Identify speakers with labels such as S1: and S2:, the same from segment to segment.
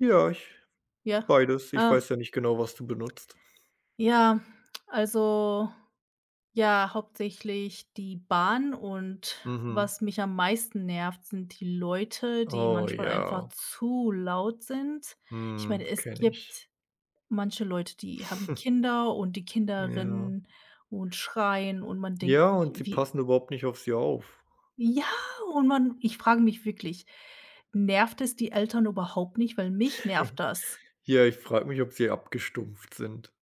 S1: Ja, ich
S2: Ja,
S1: beides, ich
S2: ähm.
S1: weiß ja nicht genau, was du benutzt.
S2: Ja, also, ja, hauptsächlich die Bahn und
S1: Mhm.
S2: was mich am meisten nervt, sind die Leute, die
S1: Oh,
S2: manchmal einfach
S1: ja.
S2: zu laut sind. Ich
S1: Mhm,
S2: meine, es
S1: kenne ich.
S2: gibt manche Leute, die haben Kinder und die Kinder
S1: Ja.
S2: rennen und schreien und man denkt
S1: Ja,
S2: sich,
S1: und die
S2: wie
S1: passen überhaupt nicht auf sie auf.
S2: Ja und man ich frage mich wirklich, nervt es die Eltern überhaupt nicht, weil mich nervt das.
S1: Ja, ich frage mich, ob sie abgestumpft sind.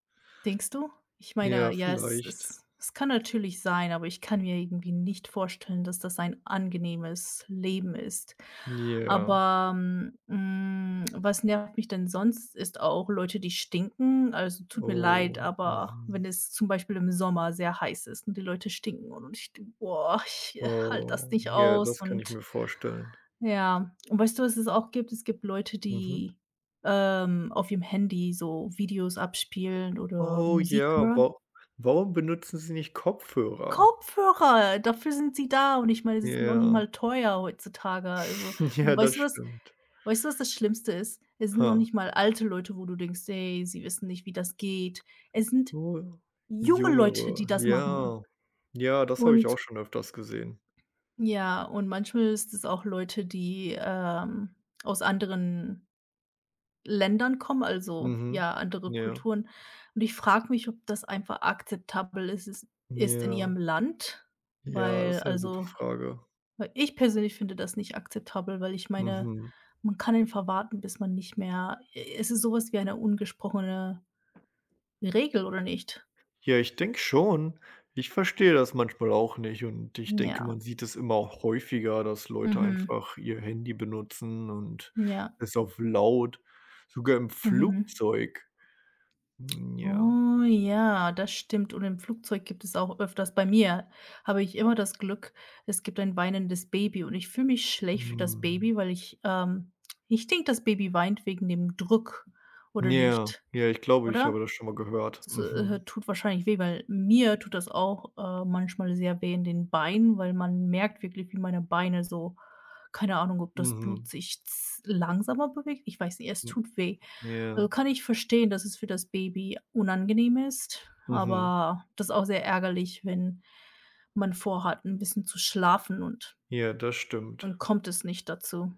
S2: Denkst du? Ich
S1: Ja,
S2: meine, ja, es
S1: vielleicht.
S2: es es kann natürlich sein, aber ich kann mir irgendwie nicht vorstellen, dass das ein angenehmes Leben ist.
S1: Ja.
S2: Aber, m hm, was nervt mich denn sonst, ist auch Leute, die stinken. Also, tut mir leid,
S1: Oh,
S2: aber
S1: mhm.
S2: wenn es zum Beispiel im Sommer sehr heiß ist und die Leute stinken und ich denke, boah, ich, äh, halte das
S1: Oh,
S2: nicht
S1: ja,
S2: aus.
S1: das kann ich
S2: Und
S1: mir vorstellen.
S2: ja, weißt du, was es auch gibt? Es gibt Leute,
S1: Mhm.
S2: die, ähm, auf ihrem Handy so Videos abspielen oder
S1: Oh,
S2: Musik
S1: ja,
S2: hören.
S1: wa warum benutzen sie nicht Kopfhörer?
S2: Kopfhörer, dafür sind sie da. Und ich meine, sie sind noch nicht
S1: Ja.
S2: mal teuer heutzutage, also
S1: Ja,
S2: und
S1: das
S2: weißt du was
S1: stimmt.
S2: weißt du, was das Schlimmste ist? Es sind noch
S1: Ha.
S2: nicht mal alte Leute, wo du denkst: „Ey, sie wissen nicht, wie das geht.“ Es sind junge Leute, die
S1: Jüngere,
S2: das machen.
S1: ja. Ja, das habe ich auch
S2: Und
S1: schon öfters gesehen.
S2: Ja, und manchmal ist es auch Leute, die, ähm, aus anderen Ländern kommen, also,
S1: Mhm,
S2: ja, andere
S1: ja.
S2: Kulturen. Und ich frage mich, ob das einfach akzeptabel is is ist in
S1: Ja.
S2: ihrem Land,
S1: Ja, das
S2: weil,
S1: ist 'ne gute
S2: also,
S1: Frage.
S2: ich persönlich finde das nicht akzeptabel, weil ich meine,
S1: Mhm.
S2: man kann einfach warten, bis man nicht mehr e es ist so was wie eine ungesprochene Regel oder nicht?
S1: Ja, ich denke schon, ich verstehe das manchmal auch nicht und ich
S2: Mhm,
S1: denke,
S2: ja.
S1: man sieht es immer häufiger, dass Leute
S2: Mhm.
S1: einfach ihr Handy benutzen und
S2: Ja.
S1: es auf laut sogar im
S2: Mhm.
S1: Flugzeug. Mhm, ja.
S2: Oh, ja, das stimmt. Und im Flugzeug gibt es auch öfters bei mir habe ich immer das Glück, es gibt ein weinendes Baby und ich fühle mich schlecht für das
S1: Mhm.
S2: Baby, weil ich, ähm ich denke, das Baby weint wegen dem Druck oder
S1: Ja,
S2: nicht?
S1: ja, ich glaube, ich
S2: Oder?
S1: habe das schon mal gehört.
S2: Es, äh,
S1: Mhm.
S2: tut wahrscheinlich weh, weil mir tut das auch, ähm, manchmal sehr weh in den Beinen, weil man merkt wirklich, wie meine Beine so keine Ahnung, ob das Blut
S1: Mhm.
S2: sich z langsamer bewegt. Ich weiß nicht, es
S1: M
S2: tut weh. Also,
S1: ja.
S2: kann ich verstehen, dass es für das Baby unangenehm ist,
S1: Mhm.
S2: aber das ist auch sehr ärgerlich, wenn man vor hat, 'n bisschen zu schlafen und
S1: Ja, das stimmt.
S2: dann kommt es nicht dazu.